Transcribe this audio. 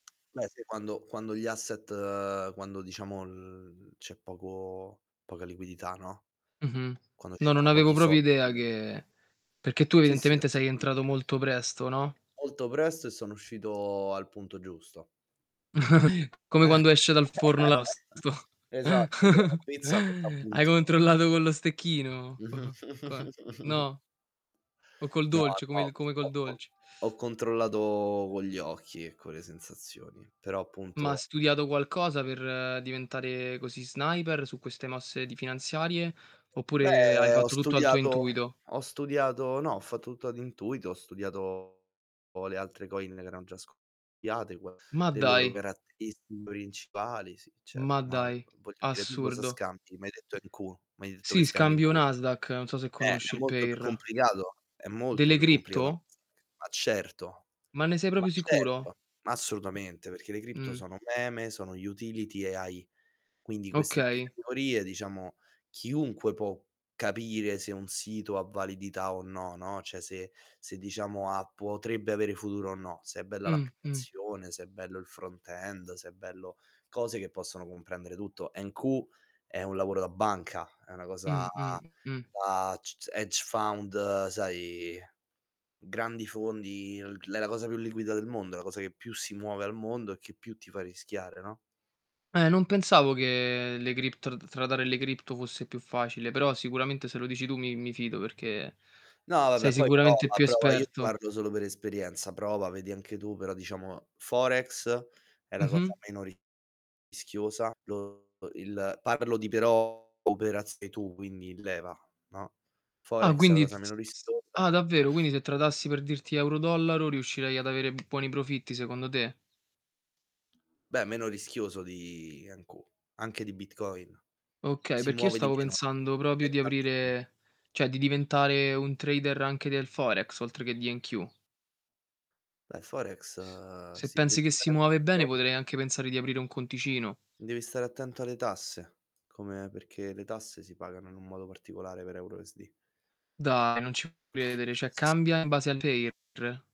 Beh, sì, quando quando gli asset quando diciamo l c'è poco poca liquidità, no? Mh-mh. Quando No, ci non sono avevo pochi sol proprio idea [unintelligible] che perché tu Sì, sì, evidentemente sei entrato assolutamente. molto presto, no? Molto presto e sono uscito al punto giusto. Come quando esce dal forno l'arrosto. Esatto, bravo, pizza cotta a Hai punti controllato con lo stecchino? Co è? No? O col No, dolce, no, come i come col ho co dolce. ho controllato con gli occhi e co' le sensazioni. Però Ma ha appunto studiato qualcosa per diventare così sniper su queste mosse di finanziarie? Beh, Oppure hai ho fatto tutto al tuo studiato intuito? ho studiato no, ho fatto tutto ad intuito, ho studiato le altre coin che erano già scoppiate qua Ma le loro dai! caratteristiche principali, sì, Ma certo. Ma, ehm, dai, v voglio dire, tu cosa assurdo. scambi? Mi hai detto NQ mi hai detto che Sì, scambi NQ. scambio Nasdaq, non so se Eh, conosci è il molto più pair. complicato è molto Delle più complicato [unintelligible] Cripto? ma certo. Ma ne sei Ma proprio sicuro? certo, ma assolutamente, perché le crypto Mh. sono meme sono utility e AI. Quindi queste 3 Okay. categorie, diciamo, chiunque può capire se un sito ha validità o no, no. Cioè se se diciamo ha potrebbe avere futuro o no, se è bella Mh, mh. l'applicazione, se è bello il front end, se è bello cose che possono comprendere tutto. NQ è un lavoro da banca, è una cosa Mh, mh, mh. da c z hedge fund, sai grandi fondi, l è la cosa più liquida del mondo, è la cosa che più si muove al mondo e che più ti fa rischiare, no? Eh, non pensavo che le Cripto tradare le Cripto fosse più facile, però sicuramente se lo dici tu mi mi fido perché No, sei vabbè, poi sicuramente prova più prova. Io ti esperto. parlo solo per esperienza. Prova, vedi anche tu, però diciamo Forex è la cosa Mh-mh. meno rischiosa. Lo il parlo di però operaz e tu, quindi leva, no, Ah, Forex è la quindi cosa meno rischiosa. ah, davvero? Quindi se tradassi, per dirti, €, $ riuscirei ad avere buoni profitti secondo te? Beh, meno rischioso di NQ, anche di Bitcoin. Okay, Si perché io muove di stavo meno, no. pensando Più proprio di lentamente. aprire cioè di diventare un trader anche del Forex, oltre che di NQ. Dai, Forex, Se sì, pensi che si muove bene, [unintelligible] potrei anche pensare di aprire un conticino. Devi stare attento alle tasse, come perché le tasse si pagano in un modo particolare per EUR e USD. Dai, non ci p credere cioè Sì. cambia in base al pair?